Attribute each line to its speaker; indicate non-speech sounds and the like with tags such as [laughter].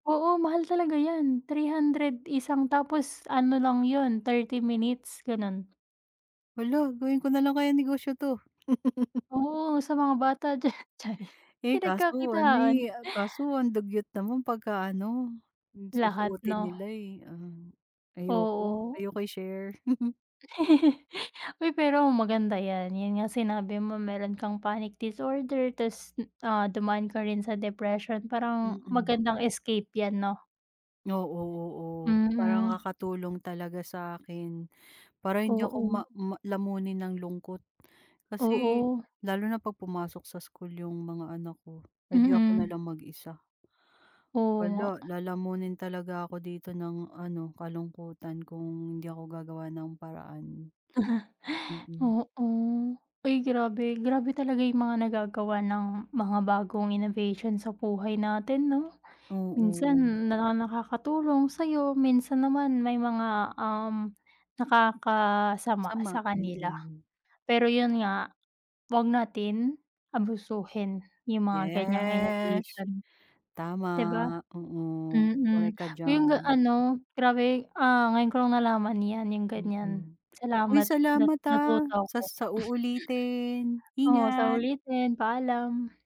Speaker 1: Oo, mahal talaga yan, 300 isang tapos ano lang yun, 30 minutes, gano'n.
Speaker 2: Hala, gawin ko nalang kayang negosyo 'to? [chuckles]
Speaker 1: Oo, sa mga bata diyan, chariz.
Speaker 2: Eh, kaso ano
Speaker 1: Pinagkakitaan.
Speaker 2: eh, kaso ang dugyot naman pagka ano
Speaker 1: Lahat,
Speaker 2: susuotin
Speaker 1: 'no?
Speaker 2: nila eh. Um, ayoko,
Speaker 1: Oo.
Speaker 2: ayoko i-share. [chuckles]
Speaker 1: [chuckles] Uy, pero maganda yan, yun nga sinabi mo meron kang panic disorder, tapos, ah, dumaan ka rin sa depression, parang
Speaker 2: Mm.
Speaker 1: magandang escape yan, 'no?
Speaker 2: Oo-oo. Parang
Speaker 1: Mm.
Speaker 2: nakakatulong talaga sa akin. Para hindi ako
Speaker 1: Oo.
Speaker 2: ma ma lamunin ng lungkot kasi
Speaker 1: Oo.
Speaker 2: lalo na 'pag pumasok sa school yung mga anak ko, eh di ako na
Speaker 1: Mm.
Speaker 2: lang mag-isa.
Speaker 1: Oo
Speaker 2: Hala,
Speaker 1: nga.
Speaker 2: lalamunin talaga ako dito ng ano, kalungkutan kung hindi ako gagawa ng paraan.
Speaker 1: [chuckles]
Speaker 2: Mm.
Speaker 1: Oo, uy grabe, grabe talaga yung mga nagagawa ng mga bagong innovation sa buhay natin, 'no?
Speaker 2: Oo.
Speaker 1: Minsan na nakakatulong sa'yo, minsan naman may mga, um, nakakasama
Speaker 2: Sama,
Speaker 1: sa kanila.
Speaker 2: mm.
Speaker 1: Pero yun nga 'wag natin abusuhin yung mga ganiyang
Speaker 2: Yes,
Speaker 1: innovation,
Speaker 2: tama,
Speaker 1: di ba?
Speaker 2: oo.
Speaker 1: Mm,
Speaker 2: Korek ka
Speaker 1: yung
Speaker 2: diyan.
Speaker 1: ano, grabe, ah, ngayon ko lang nalaman yan, yung ganiyan.
Speaker 2: Mm, uy
Speaker 1: Salamat, nat
Speaker 2: salamat ah,
Speaker 1: natuto ako.
Speaker 2: sas
Speaker 1: [chuckles]
Speaker 2: sa uulitin.
Speaker 1: Oo, sa
Speaker 2: Ingat.
Speaker 1: ulitin. Paalam.